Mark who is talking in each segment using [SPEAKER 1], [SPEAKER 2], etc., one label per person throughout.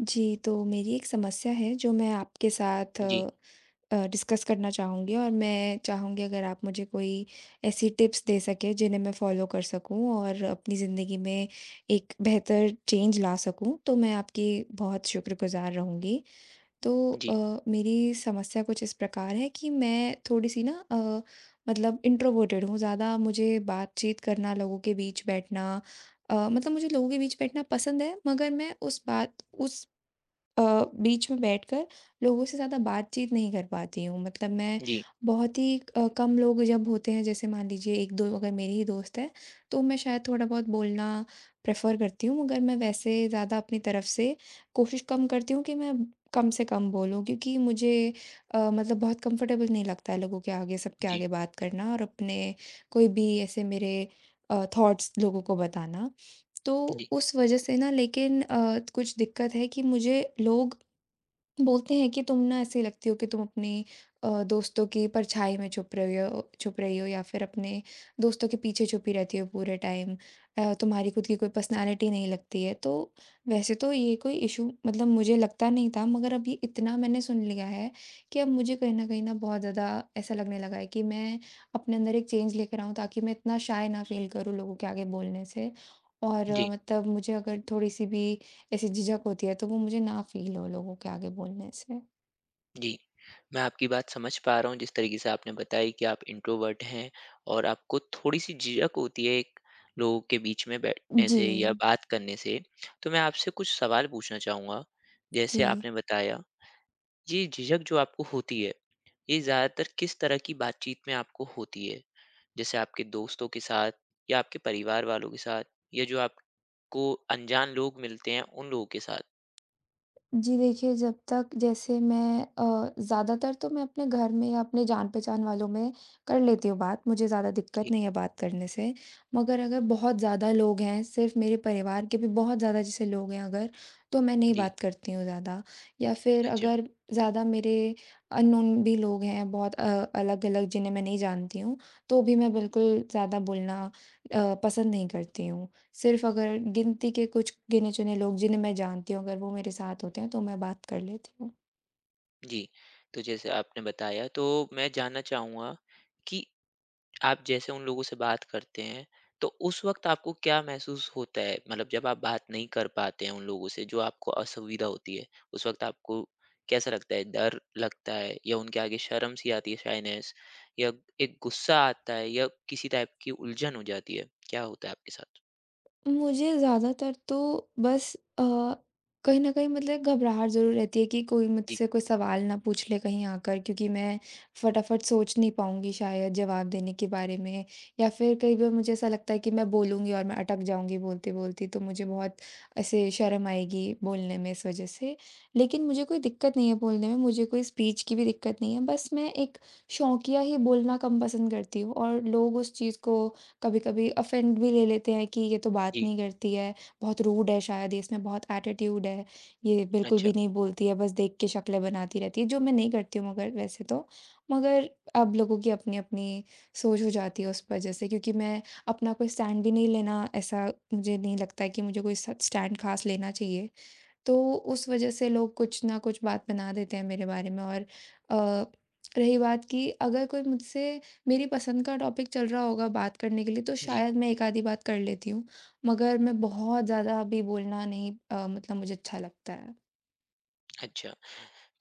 [SPEAKER 1] जी, तो मेरी एक समस्या है जो मैं आपके साथ
[SPEAKER 2] जी।
[SPEAKER 1] अ अ, डिस्कस करना चाहूँगी। और मैं चाहूँगी अगर आप मुझे कोई ऐसी टिप्स दे सकें जिन्हें मैं फ़ॉलो कर सकूँ और अपनी ज़िन्दगी में एक बेहतर चेंज ला सकूँ। तो मैं आपकी बहुत शुक्रगुज़ार रहूँगी। तो
[SPEAKER 2] जी।
[SPEAKER 1] अ, मेरी समस्या कुछ इस प्रकार है कि मैं थोड़ी-सी ना अ, मतलब इंट्रोवर्टट हूँ ज़्यादा मुझे बातचीत करना, लोगों के बीच बैठना, अ, मतलब मुझे लोगों के बीच बैठना पसंद है, मगर मैं उस बात उस अ, बीच में बैठकर लोगों से ज़्यादा बातचीत नहीं कर पाती हूँ। मतलब मैं
[SPEAKER 2] जी।
[SPEAKER 1] बहुत ही अ, कम लोग जब होते हैं जैसे मान लीजिए 1-2 अगर मेरी ही दोस्त हैं तो मैं शायद थोड़ा-बहुत बोलना प्रेफ़र करती हूँ। मगर मैं वैसे ज़्यादा अपनी तरफ़ से कोशिश कम करती हूँ कि मैं कम से कम बोलूँ। क्योंकि मुझे अ, मतलब बहुत कम्फर्टेबल नहीं लगता है लोगों के आगे सब के
[SPEAKER 2] जी।
[SPEAKER 1] आगे बात करना और अपने कोई भी ऐसे मेरे अ, थॉट्स लोगों को बताना। तो
[SPEAKER 2] जी।
[SPEAKER 1] उस वज़ह से ना लेकिन अ, कुछ दिक्क़त है कि मुझे लोग बोलते हैं कि तुम ना ऐसी लगती हो कि तुम अपनी अ, दोस्तों की परछाई में छुप रहे हो छुप रही हो या फिर अपने दोस्तों के पीछे छुपी रहती हो पूरे टाइम। अ, तुम्हारी ख़ुद की कोई पर्सनालिटी नहीं लगती है। तो वैसे तो ये कोई इशू मतलब मुझे लगता नहीं था, मगर अब ये इतना मैंने सुन लिया है कि अब मुझे कहीं न कहीं न बहुत ज़्यादा ऐसा लगने लगा है कि, मैं अपने अंदर एक चेंज लेकर आऊँ ताकि मैं इतना शाय ना फ़ील करूँ लोगों के आगे बोलने से। और
[SPEAKER 2] जी।
[SPEAKER 1] मतलब मुझे अगर थोड़ी-सी भी ऐसी झिझक होती है तो वो मुझे ना फ़ील हो लोगों के आगे बोलने से।
[SPEAKER 2] जी। मैं आपकी बात समझ पा रहा हूँ, जिस तरीके से आपने बताई कि आप इंट्रोवर्ट हैं और आपको थोड़ी-सी झिझक होती है एक, लोगों के बीच में बैठने से या
[SPEAKER 1] जी।
[SPEAKER 2] बात करने से, तो मैं आपसे कुछ सवाल पूछना चाहूँगा। जैसे
[SPEAKER 1] जी।
[SPEAKER 2] आपने बताया, ये झिझक जो आपको होती है, ये ज़्यादातर किस तरह की बातचीत में आपको होती है, जैसे आपके दोस्तों के साथ या आपके परिवार वालों के साथ या जो आपको अनजान लोग मिलते हैं, उन लोगों के साथ?
[SPEAKER 1] जी, देखिए, जब तक जैसे मैं अ, ज़्यादातर तो मैं अपने घर में या अपने जान-पहचान वालों में कर लेती हूँ बात, मुझे ज़्यादा
[SPEAKER 2] ठीक है।
[SPEAKER 1] दिक्कत नहीं है बात करने से। मगर अगर बहुत ज़्यादा लोग हैं, सिर्फ़ मेरे परिवार के भी बहुत ज़्यादा जैसे लोग हैं अगर, तो मैं नहीं
[SPEAKER 2] जी।
[SPEAKER 1] बात करती हूँ ज़्यादा। या फिर
[SPEAKER 2] अच्छा।
[SPEAKER 1] अगर ज़्यादा मेरे अननोन भी लोग हैं बहुत अ, अलग-अलग, जिन्हें मैं नहीं जानती हूँ, तो भी मैं बिल्कुल ज़्यादा बोलना अ, पसंद नहीं करती हूँ। सिर्फ़ अगर गिनती के कुछ गिने-चुने लोग, जिन्हें मैं जानती हूँ, अगर वो मेरे साथ होते हैं, तो मैं बात कर लेती हूँ।
[SPEAKER 2] जी। तो जैसे आपने बताया, तो मैं जानना चाहूँगा कि आप जैसे उन लोगों से बात करते हैं, तो उस वक़्त आपको क्या महसूस होता है? मतलब जब आप बात नहीं कर पाते हैं उन लोगों से, जो आपको असुविधा होती है, उस वक़्त आपको कैसा लगता है? डर लगता है, या उनके आगे शर्म सी आती है, शायनेस, या एक गुस्सा आता है या किसी टाइप की उलझन हो जाती है? क्या होता है आपके साथ?
[SPEAKER 1] मुझे ज़्यादातर तो बस अ, कहीं न कहीं मतलब एक घबराहट ज़रूर रहती है कि कोई
[SPEAKER 2] जी।
[SPEAKER 1] मुझसे कोई सवाल ना पूछ ले कहीं आकर, क्योंकि मैं फटाफट सोच नहीं पाऊँगी शायद जवाब देने के बारे में। या फ़िर कई बार मुझे ऐसा लगता है कि मैं बोलूँगी और मैं अटक जाऊँगी बोलते-बोलते, तो मुझे बहुत ऐसे शर्म आएगी बोलने में इस वज़ह से। लेकिन मुझे कोई दिक्कत नहीं है बोलने में, मुझे कोई स्पीच की भी दिक्कत नहीं है। बस मैं एक शोंकिया ही बोलना कम पसंद करती हूँ और लोग उस चीज़ को कभी-कभी ऑफेंड भी ले लेते हैं कि ये तो बात
[SPEAKER 2] जी।
[SPEAKER 1] नहीं करती है, बहुत रूड है शायद, इसमें बहुत एटीट्यूड है, ये बिल्कुल
[SPEAKER 2] अच्छा।
[SPEAKER 1] भी नहीं बोलती है, बस देख के शक्लें बनाती रहती है, जो मैं नहीं करती हूँ मगर वैसे तो। मगर अब लोगों की अपनी-अपनी सोच हो जाती है उस वजह से क्योंकि मैं अपना कोई स्टैंड भी नहीं लेना ऐसा मुझे नहीं लगता है कि मुझे कोई स स्टैंड ख़ास लेना चाहिए। तो उस वज़ह से लोग कुछ न कुछ बात बना देते हैं मेरे बारे में। और अ, रही बात कि अगर कोई मुझसे मेरी पसंद का टॉपिक चल रहा होगा बात करने के लिए, तो
[SPEAKER 2] जी।
[SPEAKER 1] शायद मैं एक आधी बात कर लेती हूँ। मगर मैं बहुत ज़्यादा अभी बोलना नही अ, मतलब मुझे अच्छा लगता है।
[SPEAKER 2] अच्छा।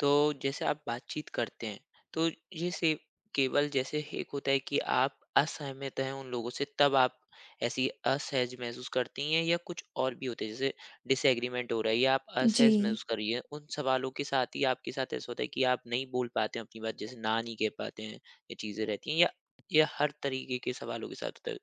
[SPEAKER 2] तो जैसे आप बातचीत करते हैं तो ये सिव केवल जैसे एक होता है कि आप असहमत हैं उन लोगों से तब आप ऐसी असहज महसूस करती हैं या कुछ और भी होते हैं जैसे डिसएग्रीमेंट हो रहा है या आप असहज
[SPEAKER 1] जी।
[SPEAKER 2] महसूस कर रही है उन सवालों के साथ ही आपके साथ ऐसा होता है की आप नहीं बोल पाते अपनी बात जैसे ना नहीं कह पाते हैं, ये चीज़े रहती है या या हर तरीके के सवालों के साथ होता,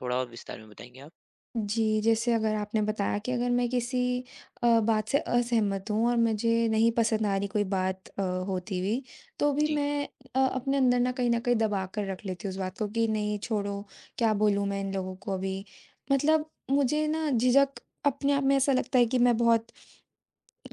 [SPEAKER 2] थोड़ा और विस्तार में बताएँगे आप।
[SPEAKER 1] जी, जैसे अगर आपने बताया कि अगर मैं किसी अ, बात से असहमत हूँ और मुझे नहीं पसंद आ रही कोई बात अ, होती हुई तो भी
[SPEAKER 2] जी।
[SPEAKER 1] मैं अ, अपने अंदर न कहीं न कहीं दबाकर रख लेती हूँ उस बात को कि नहीं, छोड़ो क्या बोलूँ मैं इन लोगों को अभी? मतलब मुझे न झिझक अपने आप में ऐसा लगता है कि मैं बहुत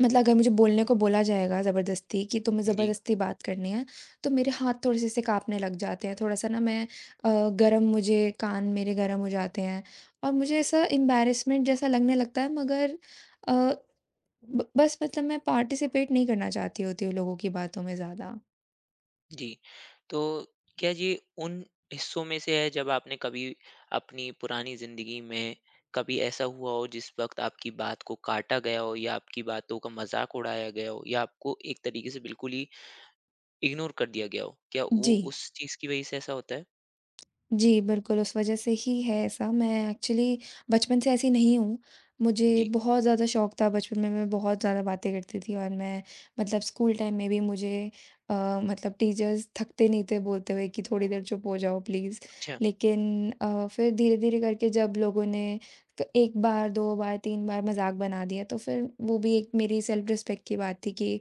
[SPEAKER 1] मतलब अगर मुझे बोलने को बोला जाएगा ज़बरदस्ती कि तुम्हें
[SPEAKER 2] जी।
[SPEAKER 1] ज़बरदस्ती बात करनी है, तो मेरे हाथ थोड़े से ऐसे काँपने लग जाते हैं, थोड़ा-सा न मैं अ, गर्म मुझे कान मेरे गरम हो जाते हैं और मुझे ऐसा इम्बेरसमेंट जैसा लगने लगता है मगर अ, ब बस मतलब मैं पार्टिसिपेट नहीं करना चाहती होती हूँ लोगों की बातों में ज़्यादा।
[SPEAKER 2] जी। तो क्या जी उन हिस्सों में से है जब आपने कभी अपनी पुरानी ज़िंदगी में कभी ऐसा हुआ हो, जिस वक़्त आपकी बात को काटा गया हो, या आपकी बातों का मज़ाक उड़ाया गया हो या आपको एक तरीके से बिल्कुल ही इग्नोर कर दिया गया हो। क्या वो
[SPEAKER 1] जी।
[SPEAKER 2] उस चीज़ की वज़ह से ऐसा होता है?
[SPEAKER 1] जी, बिल्कुल उस वज़ह से ही है ऐसा मैं ऐक्चुअली बचपन से ऐसी नहीं हूँ। मुझे
[SPEAKER 2] जी।
[SPEAKER 1] बहुत ज़्यादा शौक था। बचपन में मैं बहुत ज़्यादा बातें करती थी और मैं मतलब स्कूल टाइम में भी मुझे अ, मतलब टीचर्स थकते नहीं थे बोलते हुए कि थोड़ी देर चुप हो जाओ प्लीज़
[SPEAKER 2] अच्छा।
[SPEAKER 1] लेकिन अ, फ़िर धीरे-धीरे, करके जब लोगों ने तो 1 बार, 2 बार, 3 बार मज़ाक बना दिया तो फ़िर वो भी एक मेरी सेल्फ रिस्पेक्ट की बात थी कि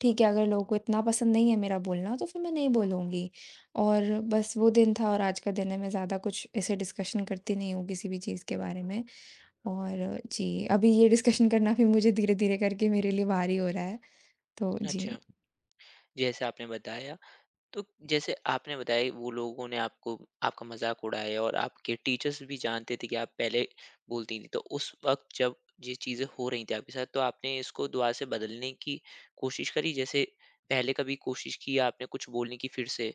[SPEAKER 1] ठीक है, अगर लोगों को इतना पसंद नहीं है मेरा बोलना तो फ़िर मैं नहीं बोलूँगी। और बस, वो दिन था और आज का दिन है मैं ज़्यादा कुछ ऐसे डिस्कशन करती नहीं हूँ किसी भी चीज़ के बारे में और जी, अभी ये डिस्कशन करना भी मुझे धीरे-धीरे करके मेरे लिए भारी हो रहा है, तो
[SPEAKER 2] अच्छा।
[SPEAKER 1] जी।
[SPEAKER 2] जैसे आपने बताया तो, जैसे आपने बताया वो लोगों ने आपको आपका मज़ाक उड़ाया और आपके टीचर्स भी जानते थे कि आप पहले बोलती थी। तो उस वक़्त, जब ये चीज़ें हो रही थीं आपके साथ तो आपने इसको दोबारा से बदलने की कोशिश करी जैसे पहले कभी कोशिश की आपने कुछ बोलने की फ़िर से?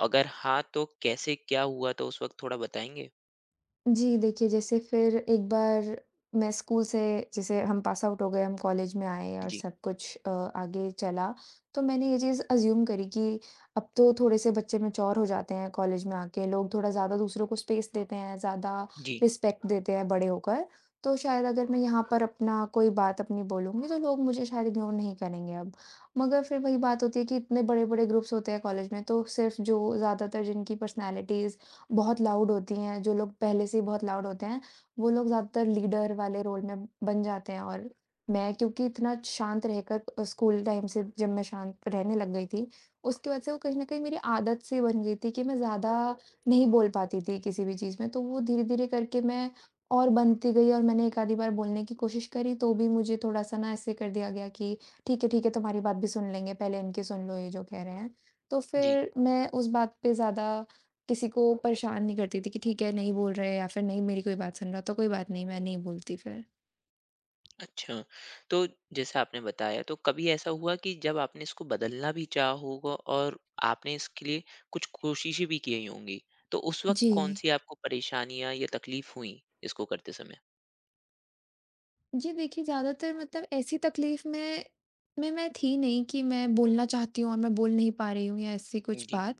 [SPEAKER 2] अगर हाँ, तो कैसे क्या हुआ तो उस वक़्त थोड़ा बताएँगे?
[SPEAKER 1] जी देखिए, जैसे फिर एक बार मैं स्कूल से जैसे हम पास आउट हो गए, हम कॉलेज में आए और
[SPEAKER 2] जी।
[SPEAKER 1] सब कुछ अ आगे चला। तो मैंने ये चीज़ एज़्यूम करी कि अब तो थोड़े से बच्चे मैच्योर हो जाते हैं कॉलेज में आके लोग थोड़ा ज़्यादा दूसरों को स्पेस देते हैं, ज़्यादा
[SPEAKER 2] जी।
[SPEAKER 1] रिस्पेक्ट देते हैं बड़े होकर। तो शायद अगर मैं यहाँ पर अपना कोई बात अपनी बोलूँगी तो लोग मुझे शायद इग्नोर नहीं करेंगे अब। मगर फिर वही बात होती है कि इतने बड़े-बड़े ग्रुप्स होते हैं कॉलेज में तो सिर्फ़ जो ज़्यादातर जिनकी पर्सनैलिटीज़ बहुत लाउड होती हैं, जो लोग पहले से ही बहुत लाउड होते हैं, वो लोग ज्यादातर लीडर वाले रोल में बन जाते हैं और मैं क्योंकि इतना शांत रहकर अ, स्कूल टाइम से जब मैं शांत रहने लग गई थी। उसकी वजह से वो कहीं न कहीं मेरी आदत-सी बन गई थी कि मैं ज़्यादा नहीं बोल पाती थी किसी भी चीज़ में तो वो धीरे-धीरे करके मैं और बनती गई और मैंने 1 आधी बार बोलने की कोशिश करी तो भी मुझे थोड़ा-सा न ऐसे कर दिया गया कि ठीक है, ठीक है तुम्हारी बात भी सुन लेंगे पहले इनकी सुन लो ये जो कह रहे हैं। तो
[SPEAKER 2] जी।
[SPEAKER 1] फिर मैं उस बात पे ज़्यादा किसी को परेशान नहीं करती थी कि ठीक है नहीं बोल रहे हैं या फिर नहीं मेरी कोई बात सुन रहा हो तो कोई बात नहीं, मैं नहीं बोलती फिर।
[SPEAKER 2] अच्छा, तो जैसा आपने बताया, तो कभी ऐसा हुआ कि जब आपने इसको बदलना भी चाहा होगा और आपने इसके लिए कुछ कोशिशें भी किए ही होंगी, तो उस वक़्त
[SPEAKER 1] जी।
[SPEAKER 2] कौन-सी आपको परेशानियाँ या तकलीफ हुईं, इसको करते समय?
[SPEAKER 1] जी, देखिए, ज़्यादातर मतलब ऐसी तकलीफ़ में में मैं थी नहीं कि मैं बोलना चाहती हूँ और मैं बोल नहीं पा रही हूँ या ऐसी
[SPEAKER 2] उम,
[SPEAKER 1] कुछ
[SPEAKER 2] जी।
[SPEAKER 1] बात।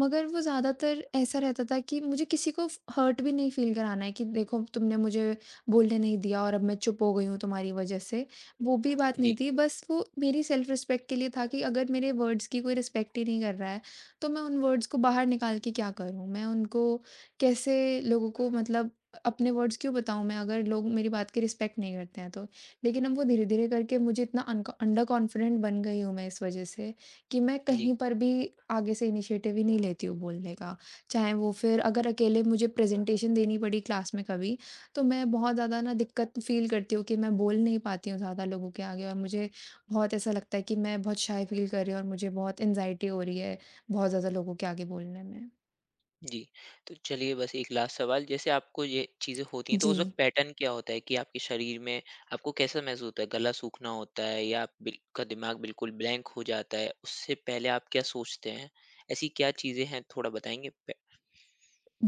[SPEAKER 1] मगर वो ज़्यादातर ऐसा रहता था कि मुझे किसी को फ हर्ट भी नहीं फ़ील कराना है कि, "देखो, तुमने मुझे बोलने नहीं दिया और अब मैं चुप हो गई हूँ तुम्हारी वजह से।" वो भी बात नहीं
[SPEAKER 2] जी।
[SPEAKER 1] थी, बस वो मेरी सेल्फ़-रिस्पेक्ट के लिए था कि, "अगर मेरे वर्ड्स की कोई रिस्पेक्ट ही नहीं कर रहा है, तो मैं उन वर्ड्स को बाहर निकाल के क्या करूँ? मैं उनको कैसे लोगों को मतलब अ, अपने वर्ड्स क्यों बताऊँ मैं, अगर लोग मेरी बात की रिस्पेक्ट नहीं करते हैं तो?" लेकिन अब वो धीरे-धीरे करके मुझे इतना अन्क अंडर कॉन्फिडेंट बन गई हूँ मैं इस वजह से, कि मैं
[SPEAKER 2] जी।
[SPEAKER 1] कहीं पर भी आगे से इनिशिएटिव ही नहीं लेती हूँ बोलने का। चाहे वो फिर अगर अकेले मुझे प्रेज़ेंटेशन देनी पड़ी क्लास में कभी, तो मैं बहुत ज़्यादा ना दिक्कत फ़ील करती हूँ कि मैं बोल नहीं पाती हूँ, ज़्यादा लोगों के आगे और मुझे बहुत ऐसा लगता है कि मैं बहुत शाय फ़ील कर रही हूँ और मुझे बहुत एंग्ज़ायटी हो रही है, बहुत ज़्यादा लोगों के आगे बोलने में।
[SPEAKER 2] जी। तो चलिए बस एक लास्ट सवाल, जैसे आपको ये चीज़ें होती हैं तो उस वक़्त
[SPEAKER 1] जी।
[SPEAKER 2] पैटर्न क्या होता है? कि आपके शरीर में आपको कैसा महसूस होता है, गला सूखना होता है? या अप बिल का दिमाग़ बिल्कुल ब्लैंक हो जाता है उससे पहले आप क्या सोचते हैं ऐसी क्या चीज़ें हैं थोड़ा बताएँगी? पे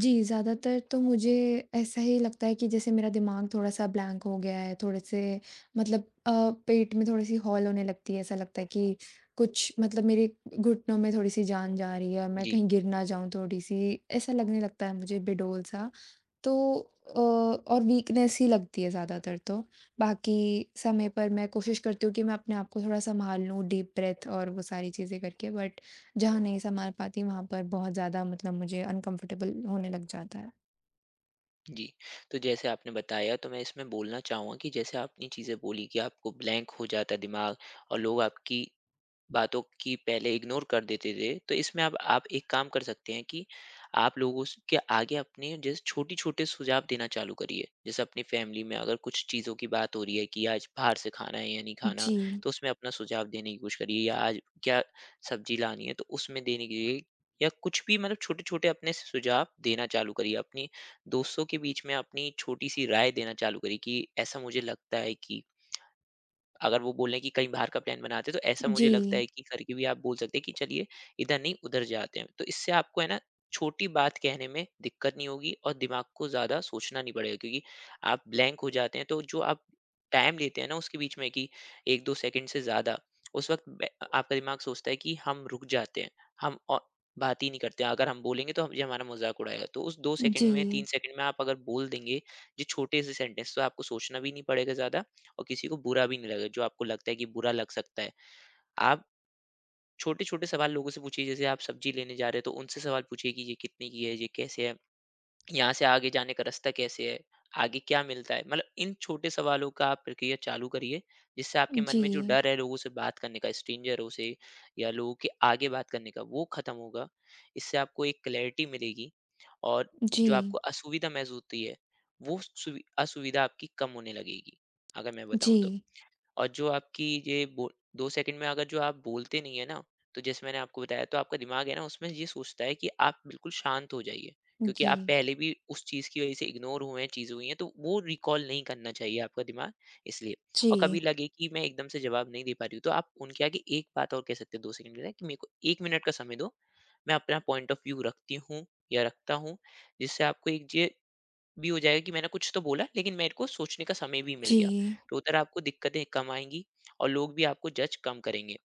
[SPEAKER 1] जी, ज़्यादातर तो मुझे ऐसा ही लगता है कि जैसे मेरा दिमाग़ थोड़ा-सा ब्लैंक हो गया है, थोड़े-से मतलब अ, पेट में थोड़ी सी हॉल होने लगती है, ऐसा लगता है कि कुछ मतलब मेरे घुटनों में थोड़ी-सी जान जा रही है और मैं
[SPEAKER 2] जी।
[SPEAKER 1] कहीं गिर ना जाऊँ थोड़ी-सी, ऐसा लगने लगता है मुझे बेडोल सा। तो अ, और वीकनेस ही लगती है ज़्यादातर तो बाकी समय पर मैं कोशिश करती हूँ कि मैं अपने आप को थोड़ा संभाल लूँ डीप ब्रेथ और वो सारी चीज़ें करके बट जहाँ नहीं संभाल पाती वहाँ पर बहुत ज़्यादा मतलब मुझे अनकंफर्टेबल होने लग जाता है।
[SPEAKER 2] जी। तो जैसे आपने बताया तो मैं इसमें बोलना चाहूँगा कि जैसे आपने चीज़े बोली की आपको ब्लैंक हो जाता है दिमाग़ और लोग आपकी बातों की पहले इग्नोर कर देते थे तो इसमें अब आप एक काम कर सकते हैं कि, आप लोगों स के आगे अपने जिस छोटे-छोटे सुझाव देना चालू करिए। जैसे अपनी फ़ैमिली में अगर कुछ चीज़ों की बात हो रही है की आज बाहर से खाना है या नहीं खाना,
[SPEAKER 1] जी।
[SPEAKER 2] तो उसमें अपना सुझाव देने की कोशिश करिए। या आज क्या सब्ज़ी लानी है तो उसमें देने के लिए, या कुछ भी मतलब छोटे-छोटे अपने सुझाव देना चालू करिए, अपनी दोस्तों के बीच में अपनी छोटी सी राय देना चालू करिए कि ऐसा मुझे लगता है कि अगर वो बोले की कहीं बाहर का प्लान बनाते तो ऐसा मुझे लगता
[SPEAKER 1] जी।
[SPEAKER 2] है की करके भी आप बोल सकते हैं, कि चलिए इधर नहीं उधर जाते हैं। तो इससे आपको है ना छोटी बात कहने में दिक्कत नहीं होगी और दिमाग़ को ज़्यादा सोचना नहीं पड़ेगा। क्योंकि आप ब्लैंक हो जाते हैं तो जो आप टाइम देते हैं ना उसके बीच में की 1-2 सेकंड से ज़्यादा, उस वक़्त बे अ आपका दिमाग़ सोचता है कि हम रुक जाते हैं हम अ, बात ही नहीं करते अगर हम बोलेंगे तो हम ये हमारा मज़ाक उड़ाएगा। तो उस 2 सेकंड में 3
[SPEAKER 1] जी।
[SPEAKER 2] सेकंड में आप अगर बोल देंगे जो छोटे से सेंटेंस तो आपको सोचना भी नहीं पड़ेगा ज़्यादा, और किसी को बुरा भी नहीं लगेगा जो आपको लगता है कि बुरा लग सकता है। आप छोटे-छोटे सवाल लोगों से पूछिए जैसे आप सब्ज़ी लेने जा रहे हैं तो उनसे सवाल पूछिए कि ये कितने की है, ये कैसे है? यहाँ से आगे जाने का रास्ता कैसे हैं? आगे क्या मिलता है? मतलब इन छोटे सवालों का आप प्रक्रिया चालू करिए। इससे आपके मन में जो
[SPEAKER 1] जी।
[SPEAKER 2] डर है लोगों से बात करने का स्ट्रेंजरों से या लोगों के आगे बात करने का वो ख़त्म होगा, इससे आपको एक क्लैरिटी मिलेगी और जो
[SPEAKER 1] जी।
[SPEAKER 2] आपको असुविधा महसूस होती है वो स सुवि असुविधा आपकी कम होने लगेगी, अगर मैं बताऊ तो।
[SPEAKER 1] जी।
[SPEAKER 2] और जो आपकी ये बोल 2 सेकंड में अगर जो आप बोलते नहीं है ना तो जैसे मैंने आपको बताया तो आपका दिमाग़ है ना उसमें ये सोचता है कि आप बिल्कुल शांत हो जाइए। क्योंकि आप
[SPEAKER 1] जी।
[SPEAKER 2] पहले भी उस चीज़ की वजह से इग्नोर हुए हैं चीज़ें हुई है तो वो रिकॉल नहीं करना चाहिए आपका दिमाग इसलिए। और
[SPEAKER 1] जी।
[SPEAKER 2] कभी लगे कि मैं एकदम से जवाब नहीं दे पा रही हूँ तो आप उनके आगे एक बात और कह सकते हैं 2 सेकंड के लिए मेरे को 1 मिनिट का समय दो मैं अपना पॉइंट ऑफ़ व्यू रखती हूँ या रखता हूँ, जिससे आपको एक च जो ये भी हो जाएगा कि मैंने कुछ तो बोला लेकिन मेरे को सोचने का समय भी मिल गया।
[SPEAKER 1] जी।
[SPEAKER 2] तो उधर आपको दिक्कतें कम आएगी और लोग भी आपको जज कम करेंगे।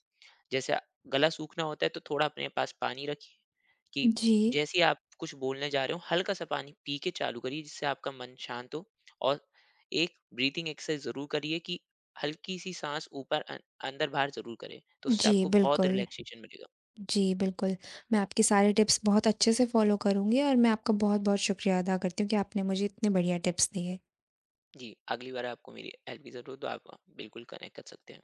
[SPEAKER 2] जैसे अ, गला सूखना होता है तो थोड़ा अपने पास पानी रखिए, कि
[SPEAKER 1] जी।
[SPEAKER 2] जैसे ही आप कुछ बोलने जा रहे हो हल्का-सा पानी पी के चालू करिए जिससे आपका मन शांत हो और एक ब्रीथिंग एक्सरसाइज़ ज़रूर करिए कि हल्की-सी साँस ऊपर अं अंदर बाहर ज़रूर करे। तो उससे
[SPEAKER 1] जी
[SPEAKER 2] आपको बहुत
[SPEAKER 1] बिल्कुल।
[SPEAKER 2] रिलैक्सेशन मिलेगा।
[SPEAKER 1] जी बिल्कुल। मैं आपके सारी टिप्स बहुत अच्छे से फॉलो करुँगी और मैं आपका बहुत-बहुत शुक्रिया अदा करती हूँ कि आपने मुझे इतनें बढ़िया टिप्स दिए।
[SPEAKER 2] जी। अगली बार आपको मेरी हेल्प की ज़रूरत हो तो आप बिल्कुल कनेक्ट कर सकते हैं।